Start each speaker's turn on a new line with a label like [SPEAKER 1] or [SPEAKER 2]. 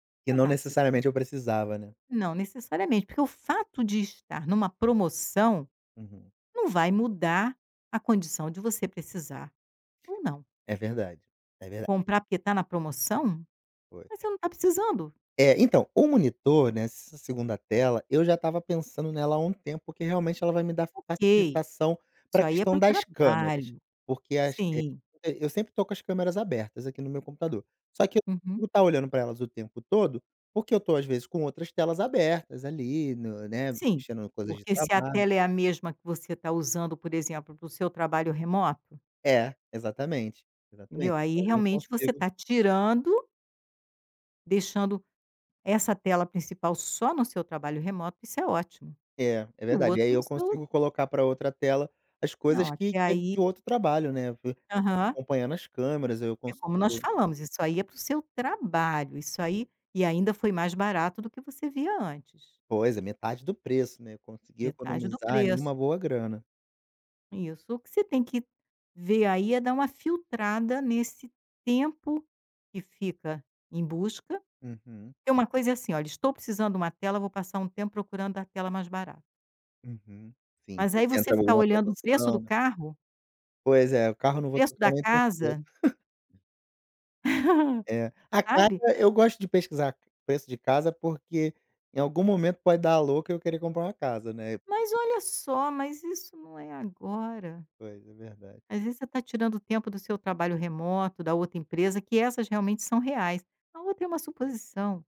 [SPEAKER 1] E
[SPEAKER 2] Não
[SPEAKER 1] não
[SPEAKER 2] tá precisando.
[SPEAKER 1] necessariamente eu precisava, né.
[SPEAKER 2] Não necessariamente, porque o fato de estar numa promoção
[SPEAKER 1] Uhum.
[SPEAKER 2] não vai mudar a condição de você precisar ou não.
[SPEAKER 1] É verdade, é verdade.
[SPEAKER 2] Comprar porque tá na promoção,
[SPEAKER 1] Foi.
[SPEAKER 2] mas você não tá precisando.
[SPEAKER 1] É, então, o monitor nessa segunda tela, eu já estava pensando nela há um tempo, porque realmente ela vai me dar
[SPEAKER 2] Ok,
[SPEAKER 1] facilitação pra
[SPEAKER 2] isso aí é
[SPEAKER 1] questão
[SPEAKER 2] para o
[SPEAKER 1] das câmeras,
[SPEAKER 2] trabalho,
[SPEAKER 1] porque as vezes,
[SPEAKER 2] sim.
[SPEAKER 1] eh, eu sempre estou com as câmeras abertas aqui no meu computador, só que eu
[SPEAKER 2] Uhum.
[SPEAKER 1] tenho que ficar olhando para elas o tempo todo, porque eu tô às vezes com outras telas abertas ali no né,
[SPEAKER 2] Sim,
[SPEAKER 1] mexendo coisas de
[SPEAKER 2] porque se a
[SPEAKER 1] trabalho
[SPEAKER 2] tela é a mesma que você tá usando, por exemplo, para o seu trabalho remoto
[SPEAKER 1] É, exatamente,
[SPEAKER 2] entendeu
[SPEAKER 1] exatamente,
[SPEAKER 2] aí
[SPEAKER 1] então eu não
[SPEAKER 2] realmente você
[SPEAKER 1] consigo
[SPEAKER 2] tá tirando deixando essa tela principal só no seu trabalho remoto, isso é ótimo,
[SPEAKER 1] É, é
[SPEAKER 2] e o
[SPEAKER 1] verdade, e aí
[SPEAKER 2] outro no
[SPEAKER 1] eu
[SPEAKER 2] seu
[SPEAKER 1] consigo colocar pra outra tela as
[SPEAKER 2] Não,
[SPEAKER 1] coisas que
[SPEAKER 2] até
[SPEAKER 1] que é
[SPEAKER 2] aí.
[SPEAKER 1] de outro trabalho, né,
[SPEAKER 2] Aham.
[SPEAKER 1] acompanhando as câmeras, eu
[SPEAKER 2] É como nós
[SPEAKER 1] consigo
[SPEAKER 2] falamos isso aí é para o seu trabalho, isso aí e ainda foi mais barato do que você via antes.
[SPEAKER 1] Pois é metade do preço, né, eu consegui
[SPEAKER 2] Metade do
[SPEAKER 1] economizar ali
[SPEAKER 2] preço.
[SPEAKER 1] uma boa grana.
[SPEAKER 2] Isso, o que você tem que ver aí é dar uma filtrada nesse tempo que fica em busca,
[SPEAKER 1] Uhum.
[SPEAKER 2] porque uma coisa é assim "Olha, estou precisando de uma tela vou passar um tempo procurando a tela mais barato".
[SPEAKER 1] Uhum, sim,
[SPEAKER 2] Mas
[SPEAKER 1] vê
[SPEAKER 2] aí
[SPEAKER 1] se
[SPEAKER 2] você
[SPEAKER 1] entra
[SPEAKER 2] ficar
[SPEAKER 1] alguma
[SPEAKER 2] olhando o preço do
[SPEAKER 1] promoção.
[SPEAKER 2] carro
[SPEAKER 1] Pois é, o carro eu não vou
[SPEAKER 2] preço
[SPEAKER 1] trocar
[SPEAKER 2] da
[SPEAKER 1] nem tão cedo.
[SPEAKER 2] casa
[SPEAKER 1] É, a casa
[SPEAKER 2] sabe.
[SPEAKER 1] eu gosto de pesquisar preço de casa, porque, em algum momento, pode dar à louca eu querer comprar uma casa, né.
[SPEAKER 2] Mas olha só, mas isso não é agora.
[SPEAKER 1] Pois é, verdade.
[SPEAKER 2] Às vezes você tá tirando o tempo do seu trabalho remoto, da outra empresa, que essas realmente são reais, a outra é uma suposição.